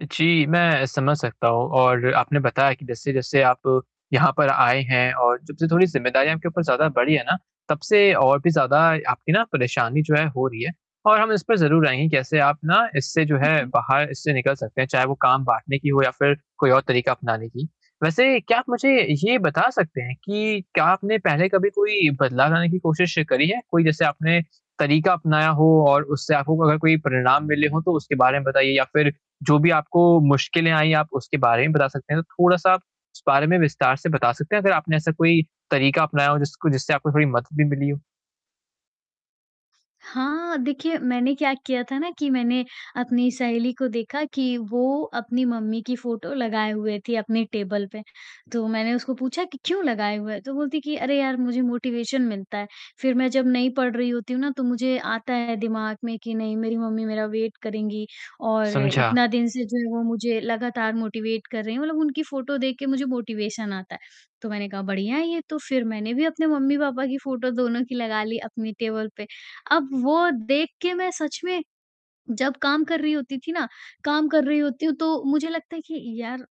जी, मैं समझ सकता हूँ और आपने बताया कि जैसे-जैसे आप यहाँ पर आए हैं और जब से थोड़ी जिम्मेदारियों आपके ऊपर ज़्यादा बढ़ी हैं ना, तब से और भी ज़्यादा आपकी ना परेशानी जो है हो रही है और हम इस पे ज़रूर आएँगे कैसे आप ना इससे जो है जी। बाहर इससे निकल सकते हैं, चाहे वो काम बाँटने की हो या फ़िर कोई और तरीक़ा अपनाने की। वैसे क्या आप मुझे ये बता सकते हैं कि क्या आपने पहले कभी कोई बदलाव लाने की कोशिश करी है? कोई जैसे आपने तरीक़ा अपनाया हो और उससे आपको अगर कोई परिणाम मिले हों तो उसके बारे में बताइए या फ़िर जो भी आपको मुश्किलें आईं आप उसके बारे में बता सकते हैं, थोड़ा-सा आप इस बारे में विस्तार से बता सकते हैं, अगर आपने ऐसा कोई तरीक़ा अपनाया हो जिसको जिससे आपको थोड़ी मदद भी मिली हो? हाँ, देखिए मैंने क्या किया था ना कि मैंने अपनी सहेली को देखा कि वो अपनी मम्मी की फ़ोटो लगाए हुए थी अपने टेबल पे, तो मैंने उसको पूछा कि क्यों लगाए हुए है? तो वो बोलती कि अरे यार मुझे मोटिवेशन मिलता है, फ़िर मैं जब नहीं पढ़ रही होती हूँ ना तो मुझे आता है दिमाग में कि नहीं मेरी मम्मी मेरा वेट करेंगी और समझा। इतना दिन से जो है वो मुझे लगातार मोटिवेट कर रही हैं, मतलब उनकी फ़ोटो देख के मुझे मोटिवेशन आता है, तो मैंने कहा बढ़िया है ये तो, फ़िर मैंने भी अपने मम्मी-पापा की फ़ोटो दोनों की लगा ली अपनी टेबल पे, अब वो देख के मैं सच में जब काम कर रही होती थी ना काम कर रही होती हूँ तो मुझे लगता है कि यार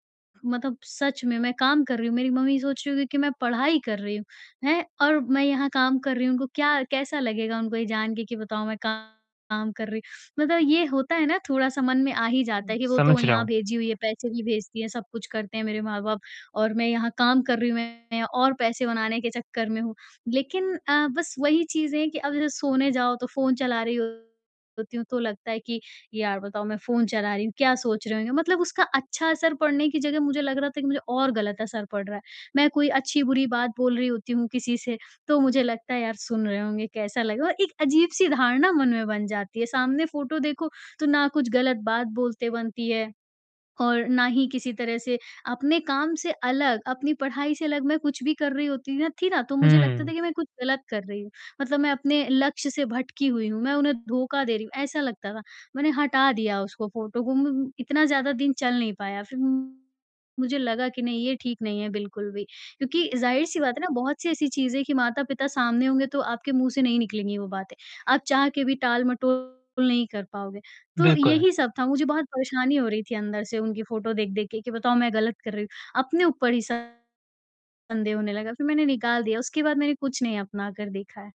मतलब सच में मैं काम कर रही हूँ, मेरी मम्मी सोच रही होगी कि मैं पढ़ाई कर रही हूँ, हैं, और मैं यहाँ काम कर रही हूँ, उनको क्या कैसा लगेगा उनको ये जान के कि बताओ मैं काम कर रही, मतलब ये होता है ना थोड़ा-सा मन में आ ही जाता है कि वो तो समझ रहा यहाँ हूँ। भेजी हुई है, पैसे भी भेजती है, सब कुछ करते हैं मेरे माँ-बाप और मैं यहाँ काम कर रही हूँ, मैं और पैसे बनाने के चक्कर में हूँ, लेक़िन अ, बस वही चीज़ है कि अब जब सोने जाओ तो फ़ोन चला रही होती हूँ तो लगता है कि यार बताओ मैं फ़ोन चला रही हूँ, क्या सोच रहे होंगे? मतलब उसका अच्छा असर पढ़ने की जगह मुझे लग रहा था कि मुझे और ग़लत असर पड़ रहा है, मैं कोई अच्छी बुरी बात बोल रही होती हूँ किसी से, तो मुझे लगता है यार सुन रहे होंगे, कैसा लगेगा? एक अजीब-सी धारणा मन में बन जाती है, सामने फ़ोटो देखो तो ना कुछ ग़लत बात बोलते बनती है और ना ही किसी तरह से अपने काम से अलग, अपनी पढ़ाई से अलग मैं कुछ भी कर रही होती थी ना, तो मुझे लगता हुँ। था कि मैं कुछ ग़लत कर रही हूँ, मतलब मैं अपने लक्ष्य से भटकी हुई हूँ, मैं उन्हें धोखा दे रही हूँ, ऐसा लगता था। मैंने हटा दिया उसको फ़ोटो को म इतना ज़्यादा दिन चल नहीं पाया, फ़िर मुझे लगा कि नहीं ये ठीक नहीं है बिल्कुल भी क्योंकि ज़ाहिर-सी बात है ना बहुत-सी ऐसी चीजें कि माता-पिता सामने होंगे तो आपके मुँह से नहीं निकलेंगी वो बातें, आप चाह के भी टाल मटोल नहीं कर पाओगे। तो बिल्कुल। यही सब था, मुझे बहुत परेशानी हो रही थी अंदर से उनकी फ़ोटो देख-देख के कि बताओ मैं ग़लत कर रही हूँ, अपने ऊपर ही शंदेह होने लगा, फ़िर मैंने निकाल दिया, उसके बाद मैंने कुछ नहीं अपना कर देखा है।